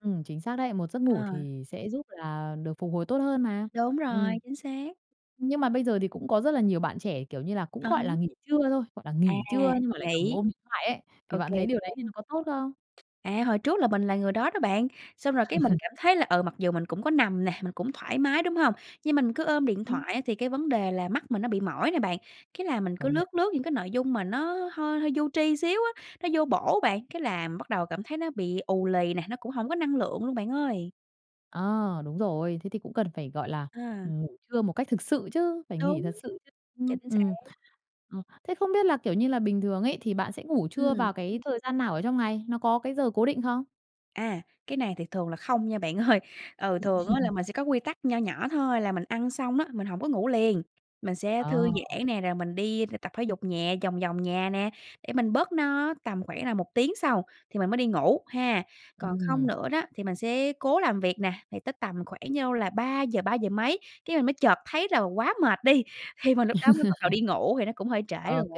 Ừm, chính xác đấy, một giấc ngủ À. thì sẽ giúp là được phục hồi tốt hơn mà. Đúng rồi, Ừm, chính xác. nhưng mà bây giờ thì cũng có rất là nhiều bạn trẻ, kiểu như là, cũng, À há. gọi là, nghỉ trưa thôi, hoặc là À, nghỉ trưa nhưng mà lại cầm nghỉ. ôm điện thoại ấy, thì OK, bạn thấy điều OK. đấy thì nó có tốt không? À, hồi trước là mình là người đó đó bạn, xong rồi cái mình cảm thấy là, ừ, mặc dù mình cũng có nằm nè, mình cũng thoải mái, đúng hông? Nhưng mình cứ ôm điện Ừm. thoại á, thì cái vấn đề là mắt mình nó bị mỏi này bạn, cái là mình cứ Công nhận. lướt, lướt những cái nội dung mà nó hơi hơi vô tri xíu á, nó vô bổ bạn, cái là bắt đầu cảm thấy nó bị ù lì nè, nó cũng hổng có năng lượng luôn bạn ơi. À, đúng rồi, thế thì cũng cần phải, gọi là, À. ngủ trưa một cách thực sự chứ, phải nghỉ Đúng, thật sự chứ, ưm, chính xác. ừm. Ừm, thế không biết là, kiểu như là, bình thường ấy thì bạn sẽ ngủ trưa Ừm. vào cái thời gian nào ở trong ngày? Nó có cái giờ cố định không? À, cái này thì thường là không nha bạn ơi. Ừ, thường á là mình sẽ có quy tắc nho nhỏ thôi, là mình ăn xong á, mình hổng có ngủ liền, mình sẽ thư Ờ. giãn nè, rồi mình đi tập thể dục nhẹ vòng vòng nhà nè, để mình bớt no, tầm khoảng là 1 tiếng sau, thì mình mới đi ngủ ha. Còn không Ừm. nữa đó thì mình sẽ cố làm việc nè, thì tới tầm khoảng nhau, là 3:00, ba giờ mấy cái mình mới chợt thấy là quá mệt đi, thì mình lúc đó mới bắt đầu đi ngủ thì nó cũng hơi trễ rồi. OK.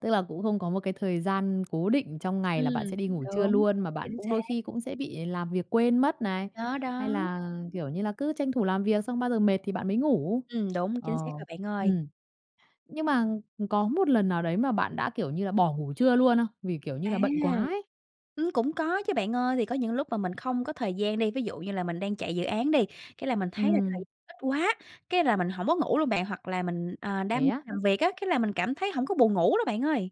Tức là cũng không có một cái thời gian cố định trong ngày là bạn sẽ Ừm, đi ngủ trưa đúng, luôn, mà bạn chính cũng xác. đôi khi cũng sẽ bị làm việc quên mất này, Đó, hay đó. là, kiểu như là, cứ tranh thủ làm việc xong bao giờ mệt thì bạn mới ngủ. Ừm, đúng, Ờ, chính xác rồi bạn ơi. ừm. Nhưng mà có một lần nào đấy mà bạn đã, kiểu như là, bỏ ngủ trưa luôn không? Vì, kiểu như À. là, bận quá ấy. Ừm, cũng có chứ bạn ơi, thì có những lúc mà mình không có thời gian đi, ví dụ như là mình đang chạy dự án đi, cái là mình thấy là thời Ừm. gian ít quá, cái là mình hổng có ngủ luôn bạn. Hoặc là mình, ờ, Thế đam á? làm việc á, cái là mình cảm thấy hổng có buồn ngủ luôn bạn ơi.